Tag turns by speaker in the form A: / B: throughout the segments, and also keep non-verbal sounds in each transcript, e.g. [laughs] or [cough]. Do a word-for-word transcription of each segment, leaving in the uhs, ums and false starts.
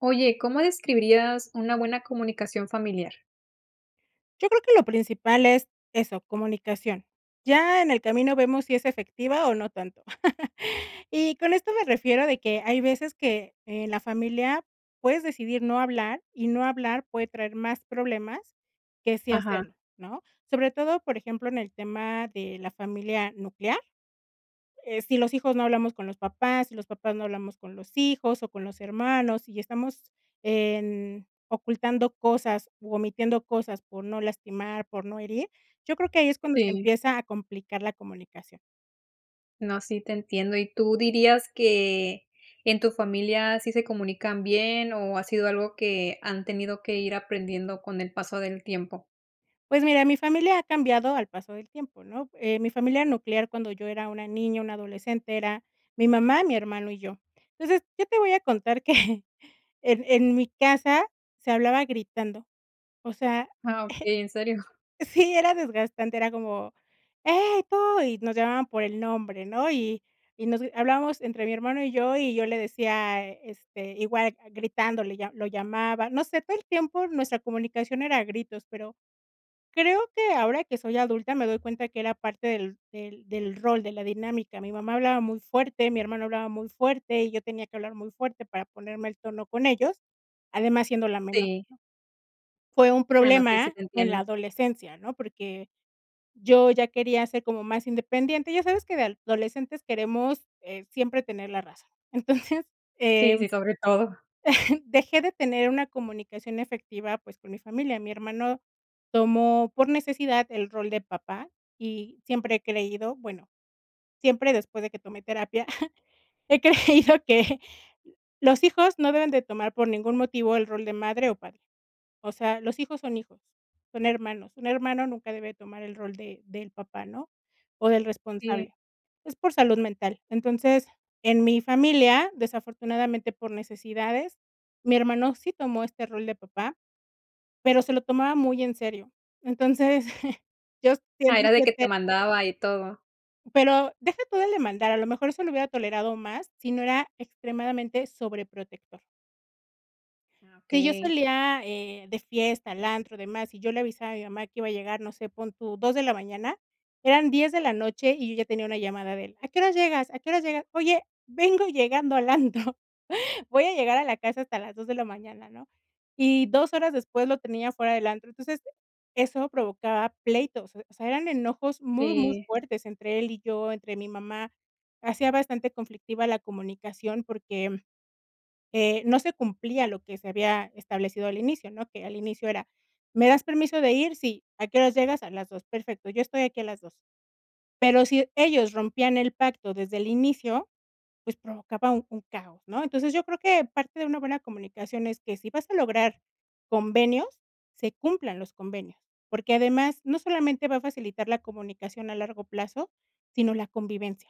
A: Oye, ¿cómo describirías una buena comunicación familiar?
B: Yo creo que lo principal es, eso, comunicación. Ya en el camino vemos si es efectiva o no tanto. [chuckles] Y con esto me refiero de que, hay veces que, en la familia puedes decidir no hablar, y no hablar puede traer más problemas que sí
A: Ajá.
B: hacerlo, ¿no? Sobre todo, por ejemplo, en el tema de la familia nuclear, eh, si los hijos no hablamos con los papás, si los papás no hablamos con los hijos o con los hermanos, y estamos en ocultando cosas u omitiendo cosas por no lastimar, por no herir, yo creo que ahí es cuando se
A: Sí.
B: empieza a complicar la comunicación.
A: No, sí te entiendo. ¿Y tú dirías que, en tu familia sí se comunican bien, o ha sido algo que, han tenido que ir aprendiendo con el paso del tiempo?
B: Pues mira, mi familia ha cambiado al paso del tiempo, ¿no?, eh, mi familia nuclear cuando yo era una niña, una adolescente era mi mamá, mi hermano y yo. Entonces, qué yo te voy a contar que en en mi casa se hablaba gritando, o sea
A: Ah, okey, ¿en serio?
B: [chuckles] Sí era desgastante, era como: "Hey, tú", y nos llamaban por el nombre, ¿no?, y y nos g hablábamos entre mi hermano y yo y yo le decía, este, igual, ah, gritándole, ya, lo llamaba, no sé, todo el tiempo nuestra comunicación era a gritos, pero, creo que ahora que soy adulta me doy cuenta que era parte del del del rol, de la dinámica. Mi mamá hablaba muy fuerte, mi hermano hablaba muy fuerte y yo tenía que hablar muy fuerte para ponerme al tono con ellos, además siendo la menor.
A: Sí.
B: Fue un
A: Ah, no, sí, sí
B: problema,
A: te
B: en la
A: entiendo.
B: adolescencia, ¿no?, porque, yo ya quería ser como más independiente, ya sabes que de adolescentes queremos, eh, siempre tener la razón, entonces,
A: Sí,
B: em,
A: sí, sobre todo.
B: [chuckles] dejé de tener una comunicación efectiva pues, con mi familia. Mi hermano tomó por necesidad el rol de papá, y siempre he creído bueno, siempre después de que tomé terapia, [chuckles] he creído que los hijos no deben de tomar por ningún motivo el rol de madre o padre. O sea, los hijos son hijos, son hermanos, un hermano nunca debe tomar el rol de del papá, ¿no?, o del
A: Sí.
B: responsable, es por salud mental. Entonces, en mi familia, desafortunadamente por necesidades, mi hermano sí tomó este rol de papá, pero se lo tomaba muy en serio. Entonces, [chuckles] yo
A: Ah,
B: siempre
A: era de que te
B: [unintelligible]
A: mandaba y todo.
B: Pero, deja todo el demandar, a lo mejor eso lo hubiera tolerado más, si no era extremadamente sobreprotector.
A: Ah,
B: Sí, yo
A: okey.
B: salía, eh, de fiesta, al antro, demás, y yo le avisaba a mi mamá que iba a llegar, no sé, pon tu, dos de la mañana, eran diez de la noche y yo ya tenía una llamada de él: "¿A qué hora llegas, a qué hora llegas?". "Oye, vengo llegando al antro, voy a llegar a la casa hasta las dos de la mañana", ¿no? Y dos horas después lo tenía afuera del antro. Entonces, eso provocaba pleitos, o sea, eran enojos muy, muy
A: Sí.
B: fuertes entre él y yo, entre mi mamá. Hacía bastante conflictiva la comunicación porque, mm, eh, no se cumplía lo que se había establecido al inicio, ¿no?, que al inicio era: "¿Me das permiso de ir?". "Sí, ¿a qué horas llegas?". "A las dos". "Perfecto, yo estoy aquí a las dos". Pero si ellos rompían el pacto, desde el inicio, pues, provocaba un un caos, ¿no? Entonces, yo creo que parte de una buena comunicación es que si vas a lograr convenios, se cumplan los convenios, porque además, no solamente va a facilitar la comunicación a largo plazo, sino la convivencia.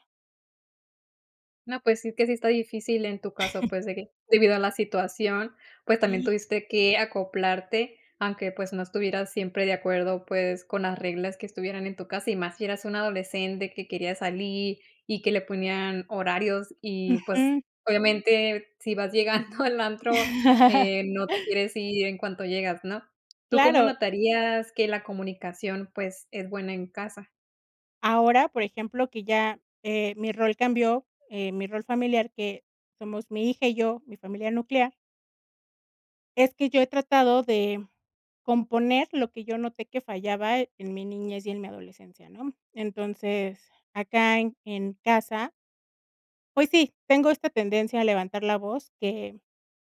A: No, pues, sí, es que sí está difícil, en tu caso,
B: [chuckles]
A: pues, de que, debido a la situación, pues, también
B: Sí.
A: tuviste que acoplarte, aunque, pues, no estuvieras siempre de acuerdo, pues, con las reglas que estuvieran en tu casa, y más si eras una adolescente que quería salir y que le ponían horarios y, pues,
B: Ujú.
A: obviamente, si vas llegando al antro,
B: [chuckles]
A: eh, no te quieres ir en cuanto llegas, ¿no? ¿Tú cómo
B: Claro.
A: notarías que la comunicación, pues, es buena en casa?
B: Ahora, por ejemplo, que ya, eh, mi rol cambió, eh, mi rol familiar, que somos mi hija y yo, mi familia nuclear. Es que yo he tratado de componer lo que yo noté que fallaba en mi niñez y en mi adolescencia, ¿no? Entonces, acá en en casa pues sí, tengo esta tendencia a levantar la voz que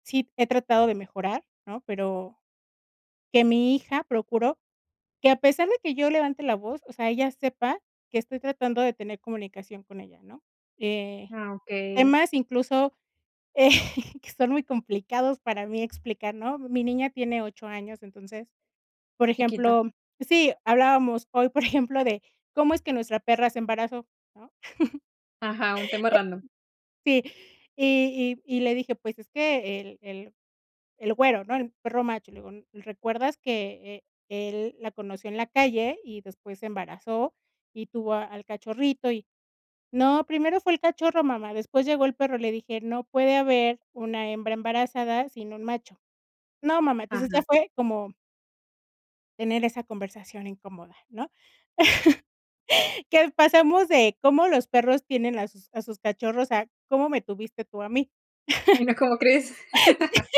B: sí he tratado de mejorar, ¿no? Pero, que mi hija procuro que a pesar de que yo levante la voz, o sea, ella sepa que estoy tratando de tener comunicación con ella, ¿no? Eh,
A: Ah, okey.
B: temas incluso, eh, que son muy complicados para mí explicar, ¿no? Mi niña tiene ocho años, entonces, por
A: Chiquita.
B: ejemplo Sí, hablábamos hoy, por ejemplo, de cómo es que nuestra perra se embarazó, ¿no? [chuckles]
A: Ajá, un tema random.
B: Sí, y y y le dije: "Pues es que el el el güero, ¿no?, el perro macho", le digo: "¿Recuerdas que e él la conoció en la calle y después se embarazó y tuvo al cachorrito?". Y, "No, primero fue el cachorro, mamá, después llegó el perro", le dije: "No puede haber una hembra embarazada sin un macho". "No mamá", entonces ya
A: Ajá.
B: fue como tener esa conversación incómoda, ¿no? [laughs] Que pasa [unintelligible] cómo los perros tienen a sus a sus cachorros, a cómo me tuviste tú a mí.
A: Ay
B: [chuckles]
A: no, ¿cómo crees?
B: [laughs] Sí,
A: [chuckles]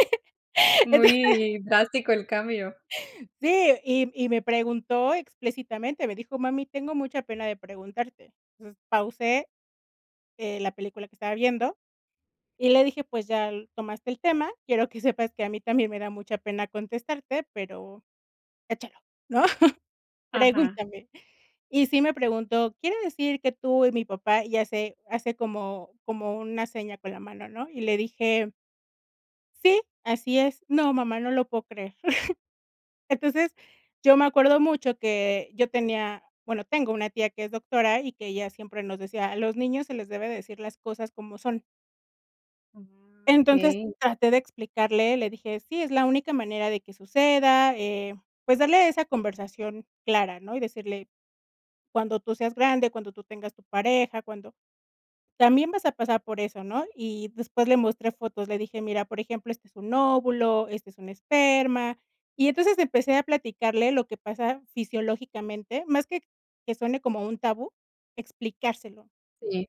B: entonces.
A: Muy drástico el cambio.
B: Sí, y y me preguntó explícitamente. Me dijo: "Mami tengo mucha pena de preguntarte". Entonces pausé, eh, la película que estaba viendo y le dije: "Pues ya tomaste el tema, quiero que sepas que a mí también me da mucha pena contestarte, pero echálo, ¿no?,
A: Ajá.
B: pregúntame". Y sí me preguntó: "Quiere decir que tú y mi papá", y hace hace como como una seña con la mano, ¿no? Y le dije: "Sí, así es". "No mamá, no lo puedo creer". [chuckles] Entonces, yo me acuerdo mucho que yo tenía, bueno, tengo una tía que es doctora y que ella siempre nos decía: "A los niños se les debe de decir cosas como son".
A: Mm,
B: Entonces,
A: okey.
B: traté de explicarle, le dije: "Sí, es la única manera de que suceda", eh, pues, darle esa conversación clara, ¿no? Y decirle: "Cuando tú seas grande, cuando tú tengas tu pareja, cuando también vas a pasar por eso", ¿no? Y después le mostré fotos, le dije: "Mira, por ejemplo, este es un óvulo, este es un esperma", y entonces empecé a platicarle lo que pasa fisiológicamente, más que que suene como un tabú, explicárselo.
A: Sí.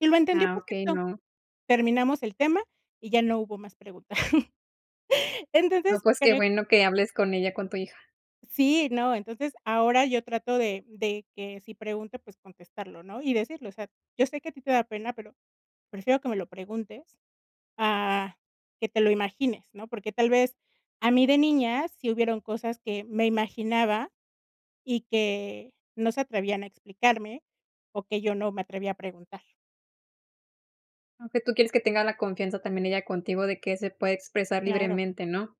B: Y lo entendió
A: Ah, okey,
B: perfecto,
A: no.
B: terminamos el tema y ya no hubo más preguntas. [chuckles]
A: No,
B: Entonces
A: pues qué
B: creo
A: bueno que hables con ella, con tu hija.
B: Sí, no, entonces ahora yo trato de de que si pregunte, pues, contestarlo, ¿no? Y decirlo, o sea, yo sé que a ti te da pena, pero prefiero que me lo preguntes a que te lo imagines, ¿no? Porque tal vez a mí de niñas sí hubieron cosas que me imaginaba y que no se atrevían a explicarme, o que yo no me atreví a preguntar.
A: Aunque tú quieres que tengas la confianza también ella contigo de que se puede expresar
B: Claro.
A: libremente, ¿no?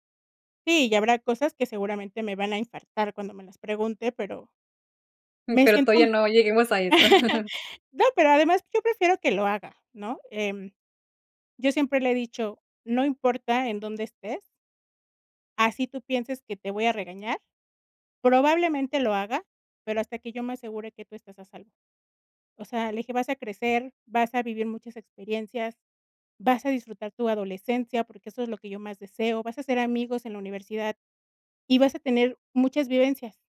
B: Sí, y habrá cosas que seguramente me van a infartar cuando me las pregunte, pero me
A: Pero
B: siento
A: todavía
B: m
A: no lleguemos a eso.
B: [chuckles]
A: [chuckles]
B: No, pero además yo prefiero que lo haga, ¿no? Eh. Yo siempre le he dicho, no importa en dónde estés así tú pienses que te voy a regañar, probablemente lo haga, pero hasta que yo me asegure que tú estás a salvo. O sea, le dije, vas a crecer, vas a vivir muchas experiencias, vas a disfrutar tu adolescencia, porque eso es lo que yo más deseo, vas a hacer amigos en la universidad y vas a tener muchas vivencias,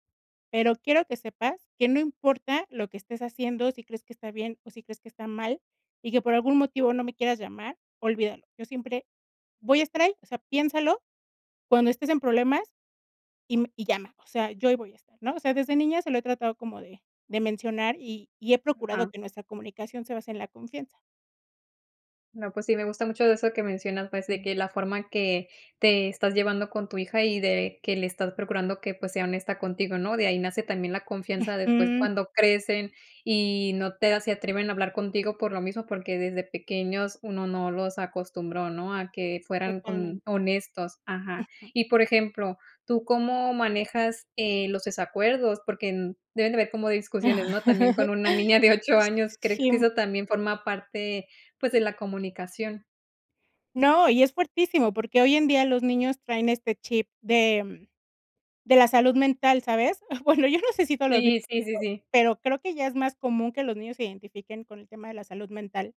B: pero quiero que sepas que no importa lo que estés haciendo, si crees que está bien, o si crees que está mal, y que por algún motivo no me quieras llamar, olvídalo, yo siempre voy a estar ahí, o sea, piénsalo cuando estés en problemas y m y llama, o sea, yo ahí voy a estar, ¿no? O sea, desde niña se lo he tratado como de de mencionar y y he procurado
A: Ajá.
B: que nuestra comunicación se base en la confianza.
A: No, pues sí, me gusta mucho eso que mencionas, pues, de que la forma en que te estás llevando con tu hija y de que le estás procurando que, pues, sea honesta contigo, ¿no? De ahí nace también la confianza de, pues,
B: Ujú.
A: cuando crecen y no te a se atreven a hablar contigo por lo mismo, porque desde pequeños uno no los acostumbró, ¿no?, a que fueran con
B: Totalmente.
A: honestos, ajá.
B: Ujú.
A: Y, por ejemplo, ¿tú cómo manejas, eh, los desacuerdos? Porque, mm, deben de haber como discusiones, ¿no? También con una niña de
B: [chuckles]
A: ocho
B: S
A: años, ¿crees que
B: sí.
A: eso también forma parte, pues, de la comunicación?
B: No, y es fuertísimo, porque hoy en día los niños traen este chip de de la salud mental, ¿sabes? Bueno, yo no sé si todos los niños,
A: Sí, sí, sí,
B: pero
A: sí.
B: pero creo que ya es más común que los niños se identifiquen con el tema de la salud mental.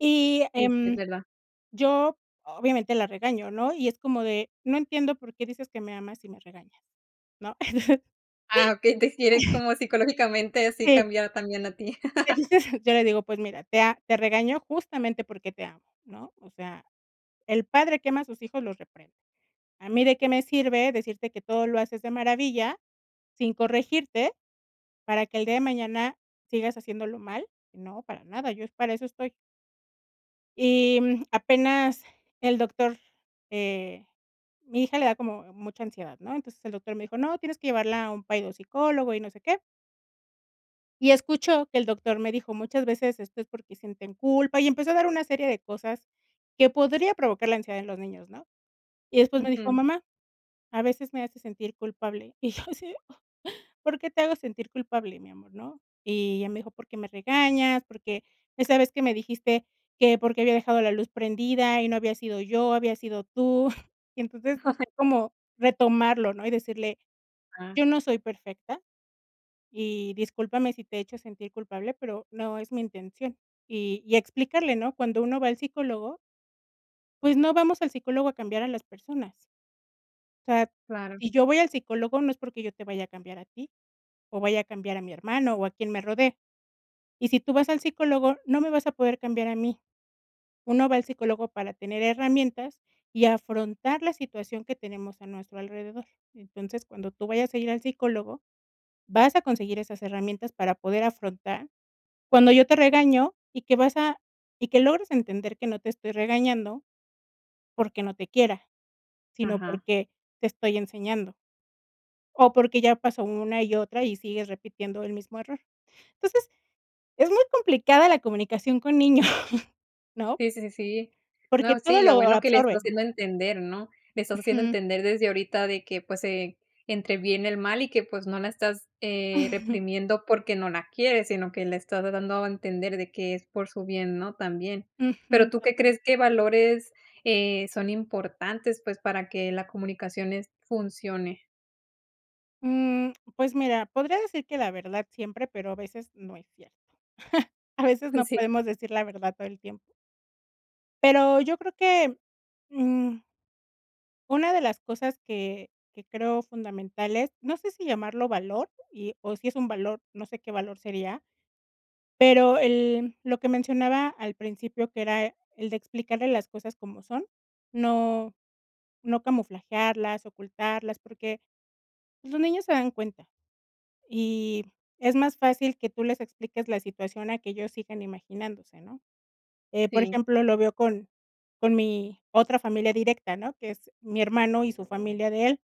B: Y,
A: Sí, sí, es
B: em,
A: verdad.
B: yo obviamente la regaño, ¿no? Y es como de: "No entiendo por qué dices que me amas si me regañas", ¿no? [chuckles]
A: Ah, okey, te quiere como psicológicamente así
B: Eh.
A: cambiar también a ti.
B: Le
A: [chuckles]
B: dices yo le digo: "Pues mira, te a te regañó justamente porque te amo, ¿no? O sea, el padre que ama a sus hijos los reprende, a mí de qué me sirve decirte que todo lo haces de maravilla, sin corregirte, para que el día de mañana sigas haciéndolo mal, ¿no? Para nada, yo es para eso estoy". Y, mm, apenas el doctor. eh, mi hija le da como mucha ansiedad, ¿no? Entonces, el doctor me dijo: "No, tienes que llevarla a un pai de un psicólogo y no sé qué". Y escuchó que el doctor me dijo: "Muchas veces esto es porque sienten culpa", y empezó a dar una serie de cosas que podría provocar la ansiedad en los niños, ¿no? Y después me dijo:
A: Ujú.
B: "Mamá, a veces me hace sentir culpable", y yo así: "¿Por qué te hago sentir culpable mi amor?", ¿no?, Y ella me dijo: "Porque me regañas, porque, esa vez que me dijiste que por qué había dejado la luz prendida y no había sido yo, habías sido tú, [chuckles] y entonces,
A: [chuckles]
B: como retomarlo, ¿no? Y decirle:
A: Ah.
B: "Yo no soy perfecta, y discúlpame si te he hecho a sentir culpable, pero no es mi intención", y y explicarle, ¿no? Cuando uno va al psicólogo pues no vamos al psicólogo a cambiar a las personas. O sea,
A: Claro.
B: si yo voy al psicólogo no es porque yo te vaya a cambiar a ti, o vaya a cambiar a mi hermano, o a quien me rodea. Y si tú vas al psicólogo, no me vas a poder cambiar a mí, uno va al psicólogo para tener herramientas y afrontar la situación que tenemos a nuestro alrededor, entonces, cuando tú vayas a ir al psicólogo, vas a conseguir esas herramientas para poder afrontar cuando yo te regaño, y que vas a y que logres entender que no te estoy regañando porque no te quiera, sino
A: Ajá.
B: porque te estoy enseñando. O porque ya pasó una y otra y sigues repitiendo el mismo error, entonces, es muy complicada la comunicación con niños, [chuckles] ¿no?
A: Sí, sí, sí, sí.
B: Porque
A: No, sí,
B: todo
A: lo
B: lo
A: bueno que le estás
B: absorben.
A: haciendo entender, ¿no? Le estás haciendo
B: Ujú.
A: entender desde ahorita de que, pues, eh, entre bien y el mal y que, pues, no la estás, eh,
B: [chuckles]
A: reprimiendo porque no la quieres, sino que la estás dando a entender de que es por su bien, ¿no? También,
B: Ujú,
A: pero, ¿tú qué
B: exactamente.
A: crees que valores, eh, son importantes, pues, para que la comunicación, es funcione?
B: Mm, pues mira, podría decir que la verdad siempre, pero a veces no es cierto. [chuckles] A veces
A: Uy
B: no
A: sí.
B: podemos decir la verdad todo el tiempo. Pero yo creo que, mm una de las cosas que que creo fundamentales, no sé si llamarlo valor y o si es un valor, no sé qué valor sería, pero el lo que mencionaba al principio, que era el de explicarle las cosas como son, no no camuflajearlas, ocultarlas, porque los niños se dan cuenta, y es más fácil que tú les expliques la situación a que ellos sigan imaginándose, ¿no?, eh, por
A: Sí.
B: ejemplo, lo veo con con mi otra familia directa, ¿no?, que es mi hermano y su familia de él.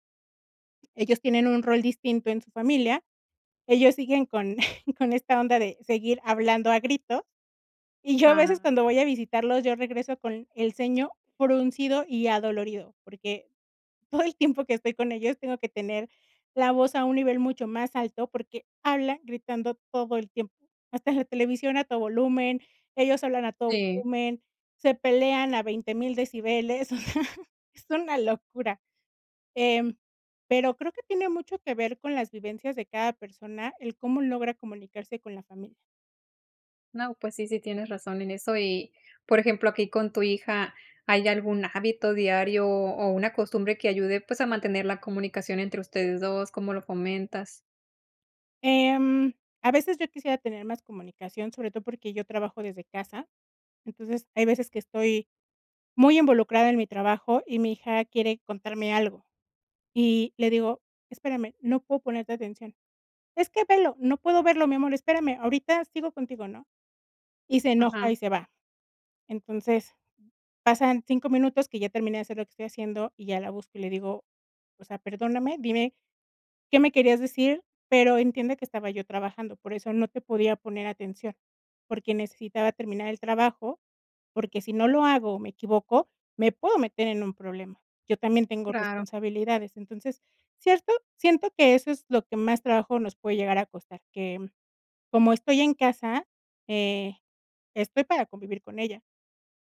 B: Ellos tienen un rol distinto en su familia, ellos siguen con [chuckles] con esta onda de seguir hablando a gritos, y yo a veces
A: Ah.
B: cuando voy a visitarlos, yo regreso con el ceño fruncido y adolorido, porque todo el tiempo que estoy con ellos tengo que tener la voz a un nivel mucho más alto, porque hablan gritando todo el tiempo, hasta la televisión a todo volumen, ellos hablan a todo
A: Sí.
B: volumen, se pelean a veinte mil decibeles, [chuckles] es una locura, em, pero creo que tiene mucho que ver con las vivencias de cada persona, él cómo logra comunicarse con la familia.
A: No, pues sí, sí tienes razón en eso y, por ejemplo, aquí con tu hija, ¿hay algún hábito diario o una costumbre que ayude, pues a mantener la comunicación entre ustedes dos? ¿Cómo lo comentas?
B: Em, a veces yo quisiera tener más comunicación, sobre todo porque yo trabajo desde casa, entonces, hay veces que estoy muy involucrada en mi trabajo, y mi hija quiere contarme algo, y le digo: "Espérame, no puedo ponerte atención". "Es que velo". "No puedo verlo mi amor, espérame, ahorita sigo contigo", ¿no? Y se enoja
A: Ajá.
B: y se va. Entonces, pasan cinco minutos que ya terminé de hacer lo que estoy haciendo, y ya la busco, y le digo: "O sea, perdóname, dime qué me querías decir, pero entiende que estaba yo trabajando, por eso no te podía poner atención, porque necesitaba terminar el trabajo, porque si no lo hago o me equivoco, me puedo meter en un problema, yo también tengo
A: praro.
B: responsabilidades". Entonces, cierto siento que eso es lo que más trabajo nos puede llegar a costar, que, mm, como estoy en casa, eh, estoy para convivir con ella,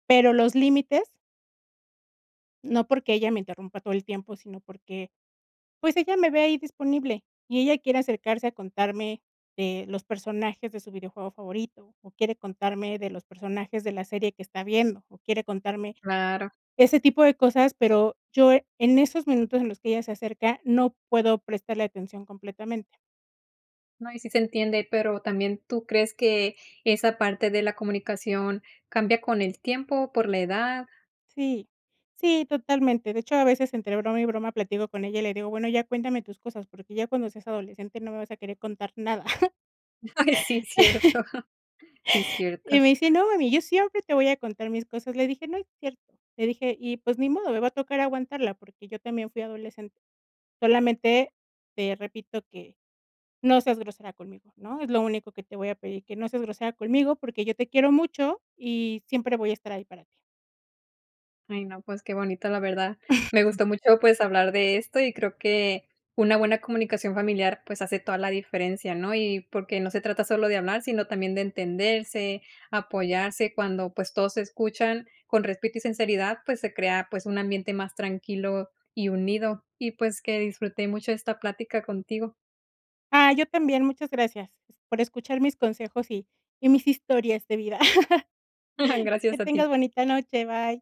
B: pero los límites no porque ella me interrumpa todo el tiempo, sino porque, pues, ella me ve ahí disponible, y ella quiere acercarse a contarme de los personajes de su videojuego favorito, o quiere contarme de los personajes de la serie que está viendo, o quiere contarme
A: Claro.
B: ese tipo de cosas, pero yo en esos minutos en los que ella se acerca, no puedo prestarle atención completamente.
A: No, y sí se entiende. Pero, también, ¿tú crees que esa parte de la comunicación, cambia con el tiempo, por la edad?
B: Sí. Sí, totalmente. De hecho, a veces entre broma y broma, platico con ella, y le digo: "Bueno, ya cuéntame tus cosas. Porque ya cuando seas adolescente, no me vas a querer contar nada". [chuckles]
A: Ay, sí. Cierto.
B: [laughs]
A: Sí, cierto.
B: Y me dice: "No, mami, yo siempre, te voy a contar mis cosas". Le dije: "No es cierto", le dije. Y pues, ni modo. Me va a tocar aguantarla, porque yo también fui adolescente. "Solamente, te repito, que no seas grosera conmigo, ¿no? Es lo único que te voy a pedir. Que no seas grosera conmigo, porque yo te quiero mucho, y siempre voy a estar ahí, para ti.
A: Ay, no, pues qué bonito, la verdad. Me
B: [chuckles]
A: gustó mucho, pues, hablar de esto, y creo que una buena comunicación familiar, pues, hace toda la diferencia, ¿no? Y porque, no se trata solo de hablar, sino también de entenderse, apoyarse. Cuando, pues, todos se escuchan con respeto y sinceridad, pues, se crea, pues, un ambiente más tranquilo y unido. Y, pues, que disfruté mucho, esta plática contigo.
B: Ay, yo también, muchas gracias. Por escuchar mis consejos, y y mis historias de vida. [laughs]
A: [chuckles]
B: Que
A: Gracias a ti.
B: tengas bonita noche, bye.